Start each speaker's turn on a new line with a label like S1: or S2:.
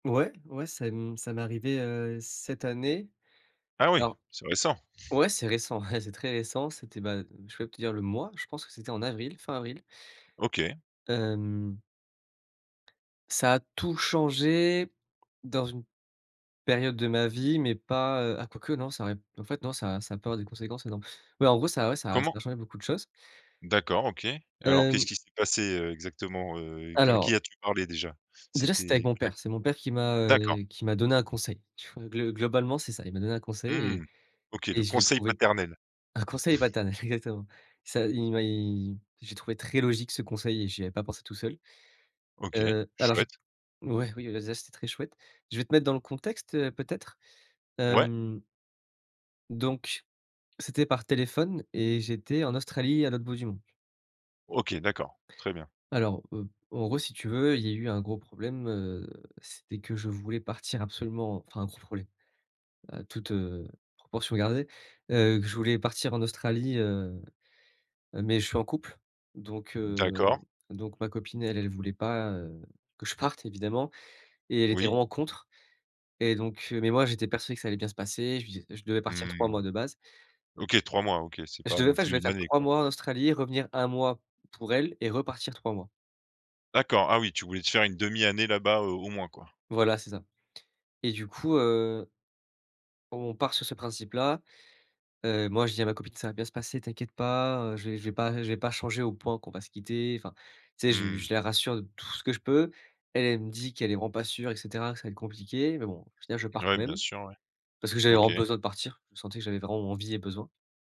S1: Ouais. Ouais, ça m ça m'est arrivé, heu, cette année.
S2: Ah oui!
S1: Alors,
S2: C'est récent.
S1: ouais, c'est récent, c'est très récent. C'était, bah, je peux même te dire le mois, je pense que c'était en avril, fin avril.
S2: OK.
S1: Hem. Ça a tout changé dans une période de ma vie, mais pas, heu ah quoique non, ça aurait p en fait non, ça ça a peu avoir des conséquences énormes, mais en gros, ça ouais, ça ça
S2: Comment?
S1: a changé beaucoup de choses.
S2: D'accord, OK, et alors qu'est-ce
S1: Hem.
S2: qui s'est passé, heu, exactement, heu, q à qui
S1: Alors
S2: as-tu parlé déjà?
S1: déjà, c'était avec
S2: C'était
S1: mon
S2: à q
S1: père. C'est mon père qui m'a,
S2: d'accord.
S1: heu, qui m'a donné un conseil. Ch glo globalement, c'est ça. Il m'a donné un conseil et
S2: Mmh. OK,
S1: et
S2: le
S1: je l'ai
S2: conseil
S1: trouvé
S2: paternel.
S1: un conseil paternel, exactement. Ça il m'a il je l'ai trouvé très logique ce conseil et j'y avais pas pensé tout seul.
S2: OK.
S1: Heu, alors, je
S2: Chouette.
S1: ouais, oui, bah, déjà, c'était très chouette. Je vais te mettre dans le contexte, heu, peut-être,
S2: Ouais.
S1: hem. Donc, c'était par téléphone et j'étais en Australie à l'autre bout du monde.
S2: OK, d'accord. Très bien.
S1: Alors, heu, en gros, si tu veux, il y a eu un gros problème, heu, c'était que je voulais partir absolument enfin, gros problème, heu, toute, heu, proportion gardée. Heu, que je voulais partir en Australie, heu, mais je suis en couple, donc
S2: D'accord.
S1: heu, donc ma copine, elle, elle voulait pas, heu, que je parte évidemment! Et elle était
S2: Oui.
S1: vraiment contre, et donc mais moi, j'étais persuadé que ça allait bien se passer, je lui dis je devais partir 3
S2: Mmh.
S1: mois de base.
S2: OK 3 mois, OK, c'est
S1: Je
S2: pas
S1: devais
S2: non
S1: pas, je
S2: plus
S1: devais
S2: 1
S1: faire
S2: année,
S1: 3
S2: quoi.
S1: mois en Australie, revenir 1 mois pour elle et repartir 3 mois.
S2: D'accord, ah oui, tu voulais te faire 1/2 année là-bas, heu, au moins, quoi.
S1: Voilà, c'est ça, et du coup, heu On part sur ce principe là. Heu, moi, je dis à ma copine: «Ca va bien se passer, t'inquiète pas, heu, je vais je vais pas je vais pas changer au point qu'on va se quitter», enfin, tu sais, je lui
S2: Mmh.
S1: je la rassure de tout ce que je peux. Elle, elle me dit qu'elle est vraiment pas sûre, et cetera, que ça va être compliqué, mais bon, au final, je pars
S2: Ouais,
S1: quand
S2: bien
S1: même.
S2: sûr, ouais.
S1: Parce que j'avais
S2: OK.
S1: vraiment besoin de partir. Je sentais que j'avais vraiment envie et besoin.